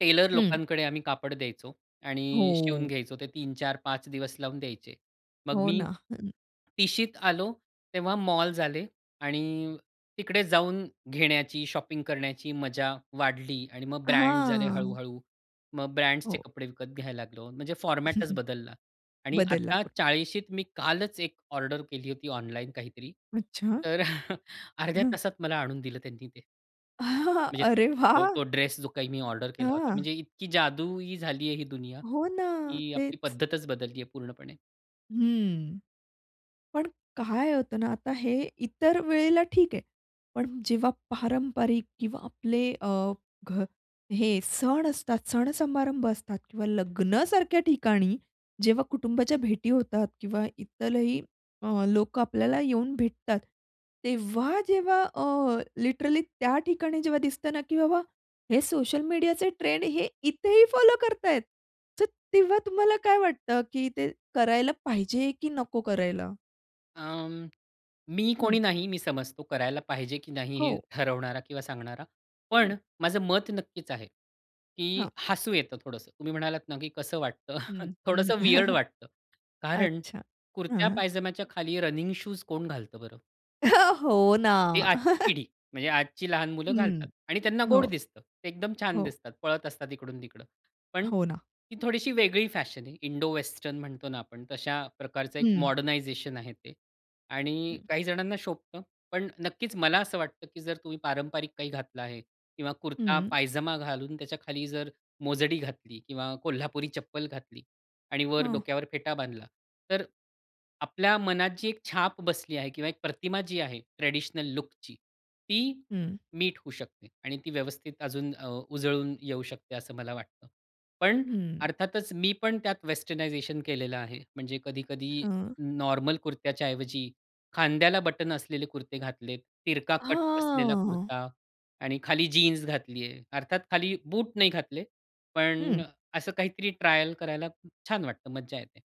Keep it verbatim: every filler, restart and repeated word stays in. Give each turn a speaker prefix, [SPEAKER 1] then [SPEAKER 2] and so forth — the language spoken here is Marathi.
[SPEAKER 1] टेलर
[SPEAKER 2] हं.
[SPEAKER 1] लोकांकडे आम्ही कापड द्यायचो आणि अ, शिवून
[SPEAKER 2] हो.
[SPEAKER 1] घ्यायचो ते तीन चार पाच दिवस लावून द्यायचे. मग
[SPEAKER 2] हो
[SPEAKER 1] मी,
[SPEAKER 2] ना. [unintelligible]
[SPEAKER 1] तिशीत आलो तेव्हा मॉल झाले आणि तिकडे जाऊन घेण्याची, शॉपिंग करण्याची मजा वाढली आणि मग ब्रँड झाले
[SPEAKER 2] हां.
[SPEAKER 1] हळू-हळू. मग ब्रँड्सचे
[SPEAKER 2] हो.
[SPEAKER 1] कपडे विकत घ्यायला लागलो, म्हणजे फॉर्मॅटच बदलला आणि
[SPEAKER 2] बदलला
[SPEAKER 1] आता
[SPEAKER 2] पु
[SPEAKER 1] चाळीशीत मी कालच एक ऑर्डर केली होती ऑनलाईन काहीतरी,
[SPEAKER 2] अच्छा.
[SPEAKER 1] तर अर्ध्या
[SPEAKER 2] हं.
[SPEAKER 1] तासात मला आणून दिलं त्यांनी ते. म्हणजे तो
[SPEAKER 2] अरे
[SPEAKER 1] तो
[SPEAKER 2] वाह!
[SPEAKER 1] जो ड्रेस जो काही मी ऑर्डर केला होता,
[SPEAKER 2] हां.
[SPEAKER 1] म्हणजे इतकी जादूई झाली आहे ही दुनिया,
[SPEAKER 2] हो ना,
[SPEAKER 1] ही आपली
[SPEAKER 2] तेच.
[SPEAKER 1] पद्धतच बदलली आहे पूर्णपणे.
[SPEAKER 2] हं, पण काय होतं ना, आता हे इतर वेळेला ठीक आहे, पण जेव्हा पारंपरिक किंवा आपले अ, घ हे सण असतात, सण-समारंभ असतात किंवा लग्नासारख्या ठिकाणी जेव्हा कुटुंबाच्या भेटी होतात किंवा इतरही अ, लोकं आपल्याला येऊन भेटतात, तेव्हा-जेव्हा अ, लिटरली त्या ठिकाणी जेव्हा दिसतं ना, की बाबा हे सोशल मीडियाचे ट्रेंड हे इथेही फॉलो करतायेत. तर तेव्हा तुम्हाला काय वाटतं, की ते करायला पाहिजे की नको करायला?
[SPEAKER 1] अं, मी
[SPEAKER 2] हं.
[SPEAKER 1] कोणी नाही मी समजतो, करायला पाहिजे की नाही हे
[SPEAKER 2] हो.
[SPEAKER 1] ठरवणारा किंवा सांगणारा,
[SPEAKER 2] हं.
[SPEAKER 1] पण माझं मत नक्कीच आहे की
[SPEAKER 2] हां.
[SPEAKER 1] हसू येतं थोडंसं. तुम्ही म्हणालात ना, की कसं वाटतं,
[SPEAKER 2] हं, हं.
[SPEAKER 1] थोडंसं विअर्ड वाटतं, कारण.
[SPEAKER 2] अच्छा,
[SPEAKER 1] कुर्त्या
[SPEAKER 2] हां.
[SPEAKER 1] पायजामच्या खाली रनिंग शूज कोण घालतं बरं.
[SPEAKER 2] हो ना.
[SPEAKER 1] ती आजची पिढी म्हणजे आजची लहान मुलं घालतात
[SPEAKER 2] हं,
[SPEAKER 1] आणि त्यांना गोड
[SPEAKER 2] हो.
[SPEAKER 1] दिसतं, ते एकदम छान
[SPEAKER 2] हो.
[SPEAKER 1] दिसतात, पळत असतात इकडून-तिकडं, पण
[SPEAKER 2] हो ना.
[SPEAKER 1] ती थोडीशी वेगळी फॅशन आहे, इंडो-वेस्टर्न म्हणतो ना आपण तशा प्रकारचं एक
[SPEAKER 2] हं.
[SPEAKER 1] मॉडर्नायझेशन आहे ते आणि
[SPEAKER 2] हं.
[SPEAKER 1] काही जणांना शोभतं, पण नक्कीच मला असं वाटतं, की जर तुम्ही पारंपरिक काही घातलं आहे किंवा
[SPEAKER 2] हं.
[SPEAKER 1] कुर्ता-पायजामा घालून त्याच्याखाली जर मोजडी घातली किंवा कोल्हापुरी चप्पल घातली आणि वर
[SPEAKER 2] हं.
[SPEAKER 1] डोक्यावर फेटा बांधला. तर आपल्या मनात जी एक छाप बसली आहे किंवा एक प्रतिमा जी आहे ट्रेडिशनल लूकची, ती
[SPEAKER 2] हं.
[SPEAKER 1] मीट होऊ शकते आणि ती व्यवस्थित अजून अ, उजळून येऊ शकते असं मला वाटतं, पण
[SPEAKER 2] हं.
[SPEAKER 1] अर्थातच मी पण त्यात वेस्टर्नायझेशन केलेलं आहे, म्हणजे कधी-कधी
[SPEAKER 2] हां.
[SPEAKER 1] नॉर्मल कुर्त्याच्या ऐवजी खांद्याला बटन असलेले कुर्ते घातलेत, तिरका कट असलेला
[SPEAKER 2] हां.
[SPEAKER 1] कुर्ता आणि खाली जीन्स घातली आहे, अर्थात खाली बूट नाही घातले, पण
[SPEAKER 2] हं.
[SPEAKER 1] असं काहीतरी ट्रायल करायला खूप छान वाटतं, मज्जा येते.